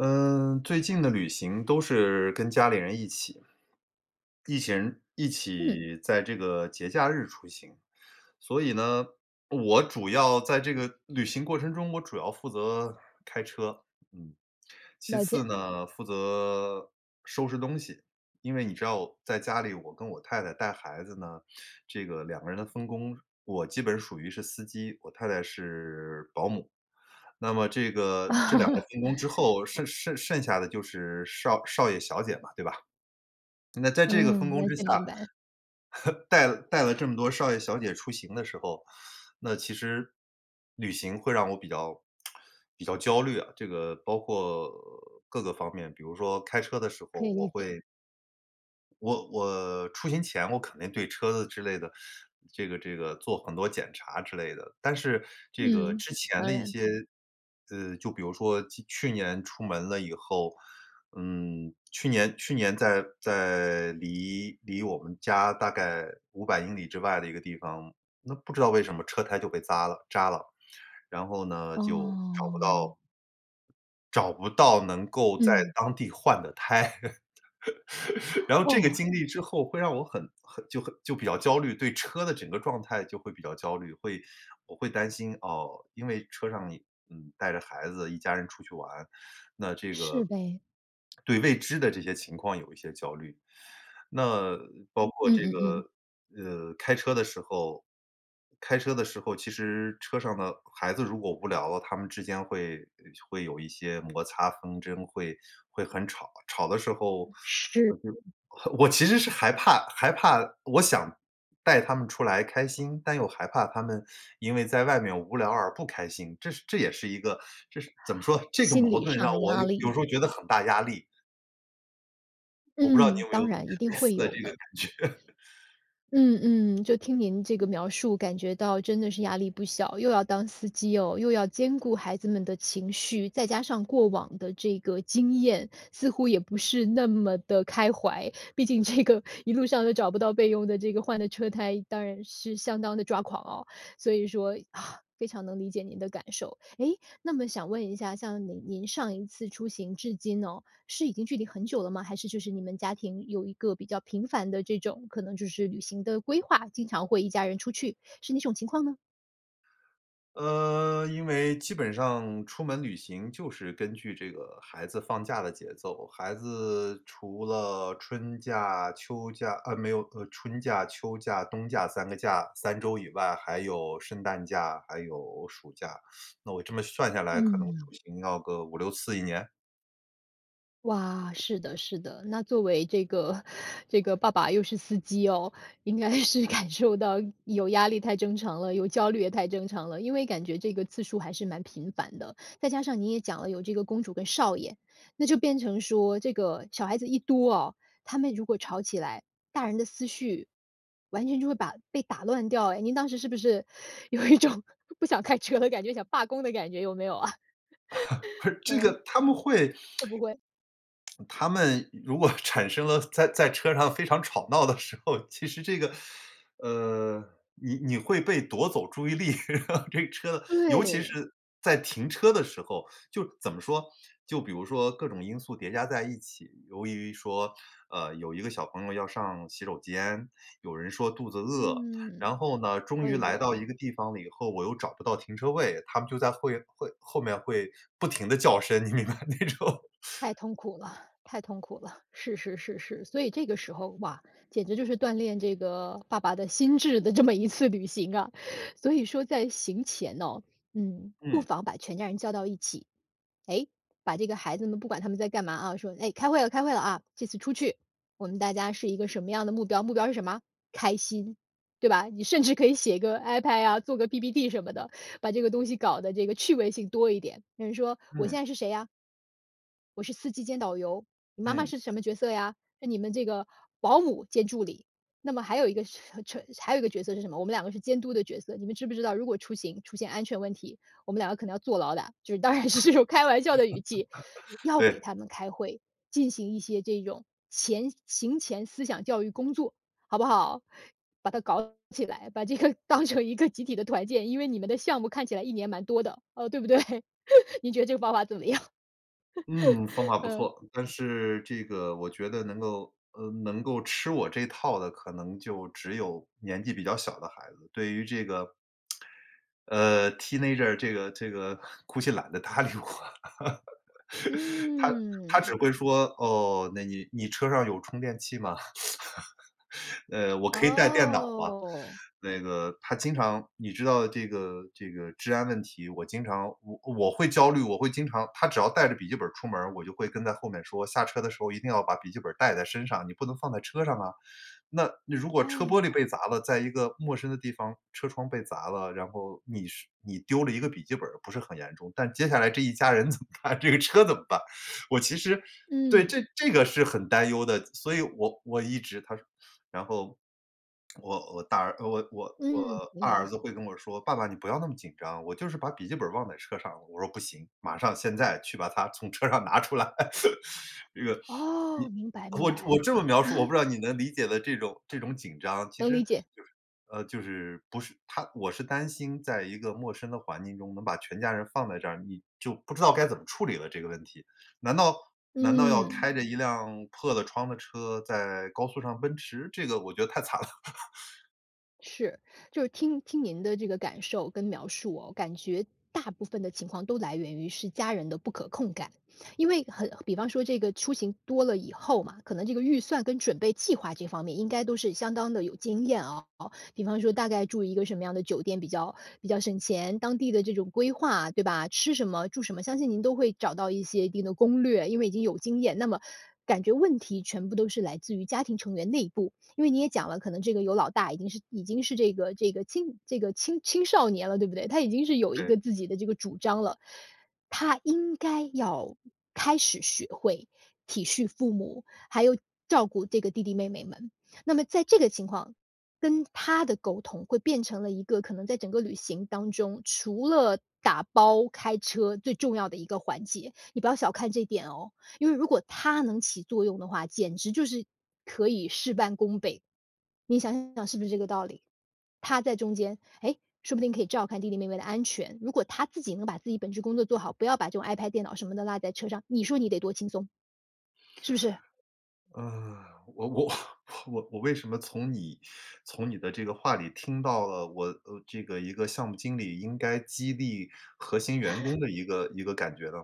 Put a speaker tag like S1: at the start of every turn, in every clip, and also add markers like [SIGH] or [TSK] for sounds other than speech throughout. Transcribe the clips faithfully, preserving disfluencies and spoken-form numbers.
S1: 嗯，最近的旅行都是跟家里人一起。一起人一
S2: 嗯。
S1: 起在这个节假日出行，所以呢，我主要在这个旅行过程中我主要负责开车，嗯，其
S2: 了
S1: 次
S2: 解。
S1: 呢，负责收拾东西。因为你知道，在家里我跟我太太带孩子呢，这个两个人的分工，我基本属于是司机，我太太是保姆。那么这个这两个
S2: [LAUGHS]
S1: 分工之后，剩剩剩下的就是少少爷、小姐嘛，对吧？那在这个分
S2: 嗯，
S1: 工
S2: 完
S1: 之下，
S2: 全明白。
S1: [LAUGHS] 带了带了这么多少爷、小姐出行的时候，那其实旅行会让我比较 [SMACKS LIPS] 比较焦虑啊。这个包括各个方面，比如说开车的时候
S2: 可以
S1: 我
S2: 理解。
S1: 会我我出行前，我肯定对车子之类的，这个这个做很多检查之类的。但是这个
S2: 嗯，
S1: 之前的
S2: 当
S1: 一
S2: 然。
S1: 些呃，就比如说今去年出门了以后嗯，去年去年在在离离我们家大概五百英里之外的一个地方，那不知道为什么车胎就被匝了扎了，然后呢，就找不
S2: 哦。
S1: 到找不到能够在
S2: 嗯。
S1: 当地换的胎。[LAUGHS] 然后这个
S2: 哦。
S1: 经历之后，会让我很很就很就比较焦虑，对车的整个状态就会比较焦虑。会我会担心，哦，因为车上，嗯，带着孩子一家人出去玩，那这
S2: 是
S1: 个
S2: 呗。
S1: 对未知的这些情况有一些焦虑。那包括
S2: 嗯
S1: 这
S2: 嗯嗯。
S1: 个，呃，开车的时候开车的时候，其实车上呢，孩子如果无聊了，他们之间会会有一些摩擦纷争，会会很吵，吵的时候
S2: 是。
S1: 呃，就我其实是害怕害怕我想带他们出来开心，但又害怕他们因为在外面无聊而不开心，这是这也是一个这是怎么说，这个
S2: 心
S1: 矛
S2: 理
S1: 盾
S2: 上
S1: 让
S2: 的
S1: 我有
S2: 压
S1: 有
S2: 力。
S1: 时候觉得很大压力。我不知道你
S2: 嗯，
S1: 有没有
S2: 当然，一定
S1: 类似
S2: 会
S1: 的这
S2: 有
S1: 个
S2: 的。
S1: 感觉？[LAUGHS]
S2: 嗯嗯，就听您这个描述，感觉到真的是压力不小，又要当司机哟，又要兼顾孩子们的情绪，再加上过往的这个经验，似乎也不是那么地开怀。毕竟这个一路上，都找不到备用的这个换的车胎，当然是相当地抓狂哦。所以说，[SIGHS] 非常能理解您的感受。诶，那么想问一下，像您您上一次出行至今哦，是已经距离很久了吗？还是就是你们家庭，有一个比较频繁的这种可能就是旅行的规划，经常会一家人出去？是哪种情况呢？
S1: 呃，因为基本上出门旅行，就是根据这个孩子放假的节奏。孩子除了春假、秋假，啊没有，呃，春假、秋假、冬假三个假，三周以外，还有圣诞假，还有暑假，[SUCKS TEETH] 那我这么算下来，可能出
S2: 嗯。
S1: 行要个五六次一年。
S2: 哇，是的是的，那作为这个这个爸爸又是司机哦，应该是感受到有压力太正常了，有焦虑也太正常了。因为感觉这个次数还是蛮频繁的，再加上您也讲了有这个公主跟少爷，那就变成说这个小孩子一多哦，他们如果吵起来，大人的思绪，完全就会把被打乱掉诶，您当时是不是有一种不想开车的感觉，想罢工的感觉，有没有啊？
S1: [LAUGHS]
S2: [LAUGHS]
S1: 这
S2: 嗯。
S1: 个他们会 [TSK]
S2: 会不会？
S1: [SMACKS LIPS] 他们如果产生了在在车上非常吵闹的时候，其实这个呃，你你会被夺走注意力。[LAUGHS] 这车尤其
S2: 对。
S1: 是在停车的时候。就怎么说，就比如说各种因素叠加在一起，由于说，呃，有一个小朋友要上洗手间，有人说肚子饿，
S2: 嗯，
S1: 然后呢，终
S2: 哎
S1: 于来
S2: 呦。
S1: 到一个地方了以后，我又找不到停车位，他们就在会会后面会不停地叫声，你明白，那种
S2: 太痛苦了太痛苦了，是是是是，所以这个时候，哇，简直就是锻炼这个爸爸的心智的这么一次旅行啊。所以说在行前哦，嗯，不
S1: 嗯。
S2: 妨把全家人叫到一起，哎，把这个孩子们不管他们在干嘛啊。说：“诶，开会了，开会了啊，这次出去，我们大家是一个什么样的目标，目标是什么啊？开心，对吧？”你甚至可以写个 iPad 啊，做个 PPT 什么的，把这个东西搞得这个趣味性多一点。有人说我
S1: 嗯。
S2: 现在是谁啊？“我是司机兼导游，你妈妈
S1: 嗯。
S2: 是什么角色呀？是你们这个保姆兼助理。那么还有一个是还有一个角色是什么？我们两个是监督的角色。你们知不知道，如果出行出现安全问题，我们两个可能要坐牢的。”就是当然是用开玩笑的语气。
S1: [LAUGHS]
S2: 要给
S1: 对。
S2: 他们开会，进行一些这种前行前思想教育工作，好不好？把它搞起来，把这个当成一个集体的团建，因为你们的项目看起来一年蛮多的，呃，对不对？你觉得这个方法怎么样？
S1: 嗯，方法不
S2: 嗯。
S1: 错，但是这个我觉得能够呃，能够吃我这套的可能就只有年纪比较小的孩子。对于这个，[SMACKS LIPS] 呃，teenager 这个这个估计懒得搭理我。[LAUGHS] 他他
S2: 嗯。
S1: 只会说：“哦，那你你车上有充电器吗？[LAUGHS] 呃，我可以带电脑吗？”
S2: 哦。
S1: 那个他经常你知道这个这个治安问题，我经常我我会焦虑，我会经常他只要带着笔记本儿出门，我就会跟在后面说：“下车的时候一定要把笔记本儿带在身上，你不能放在车上啊”。那如果
S2: 哎
S1: 车玻璃
S2: 呦。
S1: 被砸了，在一个陌生的地方车窗被砸了，然后你是你丢了一个笔记本儿不是很严重，但接下来这一家人怎么办？这个车怎么办？我其实对，
S2: 嗯。
S1: 这这个是很担忧的，所以我我一直他说然后，[CLICKS TONGUE] 我我大儿我我我
S2: 嗯，明
S1: 二
S2: 白了。
S1: 儿子会跟我说：“爸爸你不要那么紧张，我就是把笔记本儿忘在车上”，我说：“不行，马上现在去把它从车上拿出来”。[LAUGHS] 这个你
S2: 哦，明白明
S1: 我
S2: 白。
S1: 我这么描述我
S2: 啊。
S1: 不知道你能理解了这种这种紧张，其
S2: 能
S1: 实
S2: 理解。
S1: 就是呃，就是不是他我是担心在一个陌生的环境中能把全家人放在这儿，你就不知道该怎么处理了这个问题，难道难道要
S2: 嗯。
S1: 开着一辆破了窗的车在高速上奔驰？这个我觉得太惨了。[LAUGHS]
S2: 是，就是听听您的这个感受跟描述哦，感觉大部分的情况，都来源于是家人的不可控感。因为很比方说这个出行多了以后嘛，可能这个预算跟准备计划这方面，应该都是相当地有经验哦。比方说大概住一个什么样的酒店比较比较省钱，当地的这种规划，对吧？吃什么、住什么，相信您都会找到一些一定的攻略，因为已经有经验。那么，感觉问题全部都是来自于家庭成员内部，因为你也讲了，可能这个有老大，已经是已经是这个这个青这个青青少年了，对不对？他已经是有一
S1: 对。
S2: 个自己的这个主张了，他应该要开始学会体恤父母，还有照顾这个弟弟妹妹们。那么在这个情况，跟他的沟通，会变成了一个可能在整个旅行当中，除了打包、开车，最重要的一个环节。你不要小看这点哦，因为如果他能起作用的话，简直就是可以事半功倍，你想想是不是这个道理？他在中间，诶，说不定可以照看弟弟妹妹的安全，如果他自己能把自己本职工作做好，不要把这种 iPad、电脑什么的落在车上，你说你得多轻松，是不是？
S1: 呃，我我我我我为什么从你从你的这个话里听到了我呃，这个一个项目经理应该激励核心员
S2: [LAUGHS]
S1: 工的一个一个感觉呢？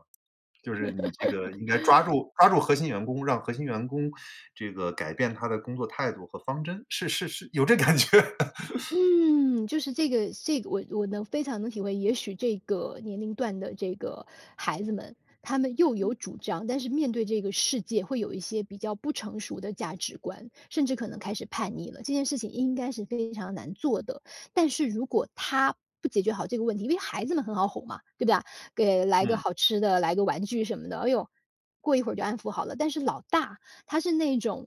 S1: 就是你这个应该抓
S2: [LAUGHS]
S1: 住抓住核心员工，让核心员工这个改变他的工作态度和方针，是是是有这感觉。[LAUGHS]
S2: 嗯，就是这个这个我我能非常能体会，也许这个年龄段的这个孩子们，他们又有主张，但是面对这个世界，会有一些比较不成熟的价值观，甚至可能开始叛逆了，这件事情应该是非常难做的。但是如果他不解决好这个问题因为孩子们很好哄嘛，对不对啊？给来个
S1: 嗯。
S2: 好吃的，来个玩具什么的，哦哟，过一会儿就安抚好了。但是老大，他是那种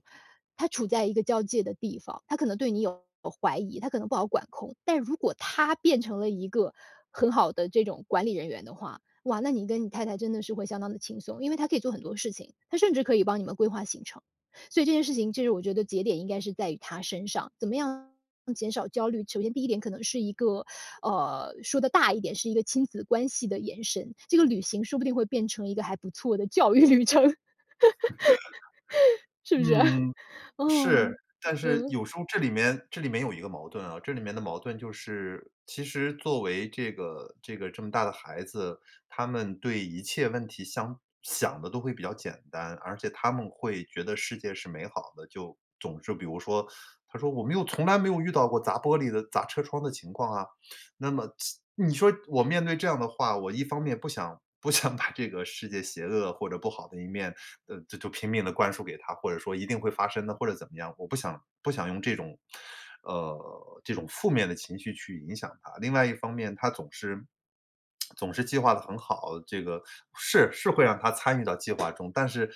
S2: 他处在一个交界的地方，他可能对你有过怀疑，他可能不好管控，但如果他变成了一个很好的这种管理人员的话，哇，那你跟你太太真的是会相当地轻松。因为他可以做很多事情，他甚至可以帮你们规划行程。所以这件事情，其实我觉得节点应该是在于他身上，怎么样减少焦虑？首先第一点可能是一个呃，说得大一点，是一个亲子关系的延伸，这个旅行说不定会变成一个还不错的教育旅程，是
S1: [LAUGHS]
S2: 不是？啊，
S1: 嗯，是。但是，
S2: 嗯。
S1: 有时候这里面这里面有一个矛盾啊，这里面的矛盾就是，其实作为这个这个这么大的孩子，他们对一切问题相想得都会比较简单。而且他们会觉得世界是美好的，就总是比如说，他说：“我没有从来没有遇到过砸玻璃的、砸车窗的情况啊。”那么这你说我面对这样的话，我一方面不想不想把这个世界邪恶或者不好的一面，呃，这就拼命地灌输给他，或者说一定会发生的，或者怎么样，我不想不想用这种呃，这种负面的情绪去影响他。另外一方面他总是 [SMACKS LIPS] 总是计划得很好，这个是，是会让他参与到计划中，但是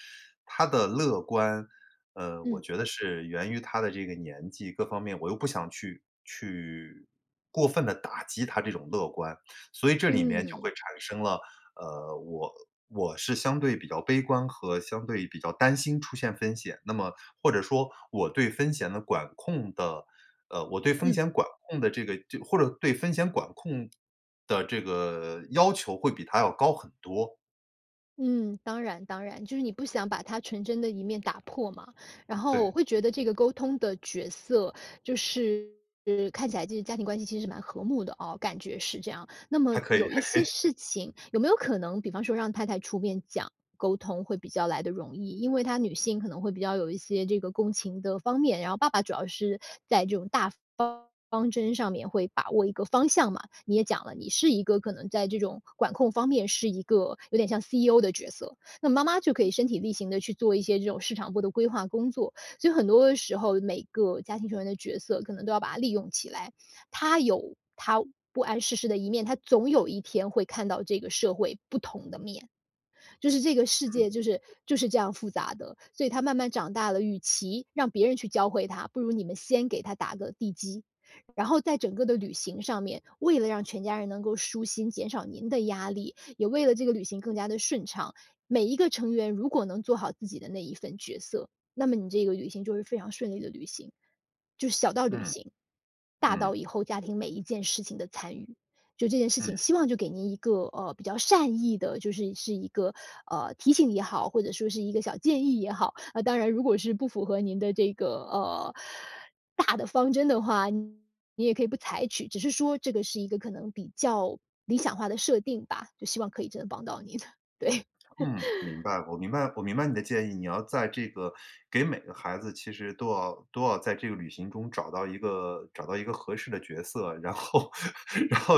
S1: 他的乐观，呃，我
S2: 嗯。
S1: 觉得是源于他的这个年纪，各方面我又不想去去过分地打击他这种乐观。所以这里面就
S2: 嗯。
S1: 会产生了，呃，我我是相对比较悲观和相对比较担心出现风险，那么或者说我对风险的管控的呃，我对风
S2: 嗯。
S1: 险管控的这个这或者对风险管控的这个要求，会比他要高很多。
S2: 嗯，当然当然，就是你不想把它纯真的一面打破嘛。然后
S1: 对。
S2: 我会觉得，这个沟通的角色就是看起来这个家庭关系其实蛮和睦的哦，感觉是这样。那么
S1: 还可以
S2: 有一
S1: 还可
S2: 些
S1: 以。
S2: 事情，有没有可能，比方说让太太出面讲沟通会比较来得容易，因为她女性，可能会比较有一些这个共情的方面，然后爸爸主要是在这种大方方针上面会把握一个方向嘛。你也讲了，你是一个可能在这种管控方面，是一个有点像 CEO 的角色。那妈妈就可以身体力行地，去做一些这种市场部的规划工作。所以很多时候，每个家庭成员的角色，可能都要把它利用起来。他有他不谙世事的一面，他总有一天会看到这个社会不同的面。就是这个世界就是就是这样复杂的，所以他慢慢长大了，与其让别人去教会他，不如你们先给他打个地基。然后在整个的旅行上面，为了让全家人能够舒心，减少您的压力，也为了这个旅行更加地顺畅，每一个成员如果能做好自己的那一份角色，那么你这个旅行，就会非常顺利的旅行。就是小到旅
S1: 嗯，
S2: 行，大
S1: 嗯。
S2: 到以后家庭每一件事情的参与。就这件事
S1: 嗯。
S2: 情，希望就给您一个，呃，比较善意的就是是一个，呃，提醒也好，或者说是一个小建议也好，呃，当然如果是不符合您的这个，呃，大的方针的话，你也可以不采取，只是说这个是一个，可能比较理想化的设定吧，就希望可以真的帮到你的，对。
S1: 嗯，明
S2: [LAUGHS]
S1: 白，我明白我明白你的建议，你要在这个给每个孩子其实都要都要在这个旅行中找到一个找到一个合适的角色。然后然后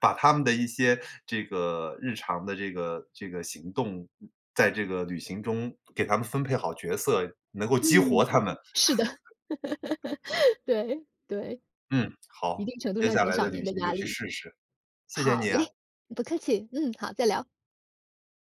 S1: 把他们的一些这个日常的这个这个行动，嗯，在这个旅行中，给他们分配好角色，能够激活
S2: 嗯，
S1: 他们。
S2: 是的。
S1: [LAUGHS]
S2: 对，对。
S1: 嗯，
S2: 一
S1: 好，
S2: 定程度
S1: 接
S2: 上
S1: 下
S2: 减
S1: 来
S2: 少
S1: 的
S2: 您
S1: 旅
S2: 的
S1: 行就
S2: 压
S1: 去
S2: 力。
S1: 试试，谢谢
S2: 好
S1: 你啊。
S2: 嘞，不客气。嗯，好，再聊。